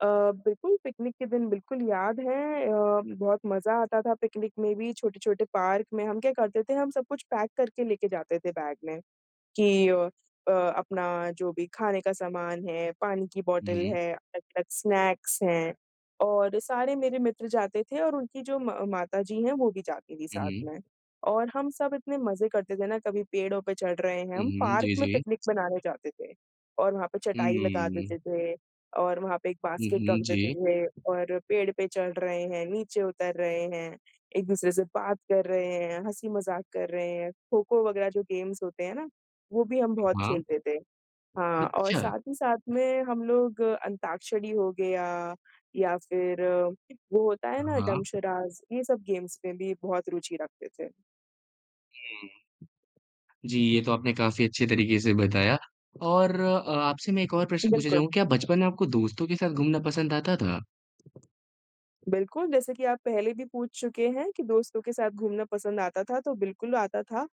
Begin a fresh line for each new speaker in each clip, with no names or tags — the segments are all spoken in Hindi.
अ, बिल्कुल, पिकनिक के दिन बिल्कुल याद है। अ, बहुत मज़ा आता था पिकनिक में भी, छोटे-छोटे पार्क में हम क्या करते थे हम सब कुछ पैक करके लेके जाते थे बैग में कि अ अ, अपना जो भी खाने का सामान है, पानी की
हुँ,
बॉटल
हुँ।
है, अलग-अलग स्नैक्स हैं और सारे मेरे मित्र जाते थे और उनकी जो म माता जी हैं वो भी जाती थीं
हुँ,
साथ
हुँ।
में। और हम सब इतने मज़े करते थे ना, कभी पेड़ों पे चढ़ रहे हैं
हुँ,
हम
हुँ।
पार्क
जी,
में
जी।
पिकनिक मनाने जाते थे और वहाँ पे
हुँ,
चटाई
हुँ,
लगा
हुँ, हुँ।
देते थे और वहाँ पे एक
हुँ,
बास्केट
हुँ।
रख देते
जी।
थे और पेड़ पे चढ़ रहे हैं, नीचे उतर रहे हैं, एक दूसरे से बात कर रहे हैं, हँसी-मज़ाक कर रहे हैं। खो-खो वग़ैरह जो गेम्स होते हैं ना, वो भी हम बहुत
हाँ।
खेलते थे। हाँ, और
अच्छा!
साथ ही साथ में हम लोग अंताक्षरी हो गया या फिर वो होता है ना डम्ब
हाँ।
शराड्स, ये सब गेम्स में भी बहुत रूचि रखते थे।
हुँ। जी, ये तो आपने काफ़ी अच्छे तरीक़े से बताया और आपसे मैं एक और प्रश्न पूछना
बिल्कुल।
चाहूँगा, क्या बचपन में आपको दोस्तों के साथ घूमना पसंद आता था?
बिल्कुल, जैसे कि आप पहले भी पूछ चुके हैं कि दोस्तों के साथ घूमना पसंद आता था तो, बिल्कुल आता था।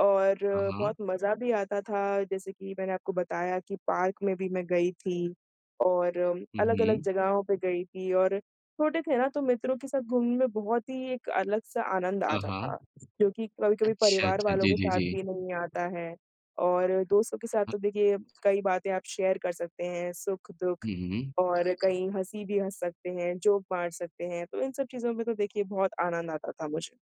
और
हाँ, हाँ।
बहुत मज़ा भी आता था जैसे कि मैंने आपको बताया कि पार्क में भी मैं गई थी और
हुँ,
अलग-अलग
हुँ।
जगहों पे गयी थी और छोटे थे ना तो मित्रों के साथ घूमने में बहुत ही एक अलग-सा आनंद
हाँ,
आता
हाँ।
था। जो कि कभी-कभी
अच्छा,
परिवार
अच्छा।
वालों
जी,
के
जी,
साथ भी
जी।
नहीं आता है और दोस्तों के साथ तो देखिए कई बातें आप शेयर कर सकते हैं, सुख-दुःख
हुँ, हुँ।
और कई हँसी भी हँस सकते हैं, जोक मार सकते हैं। तो इन सब चीज़ों में तो देखिए बहुत आनंद आता था मुझे।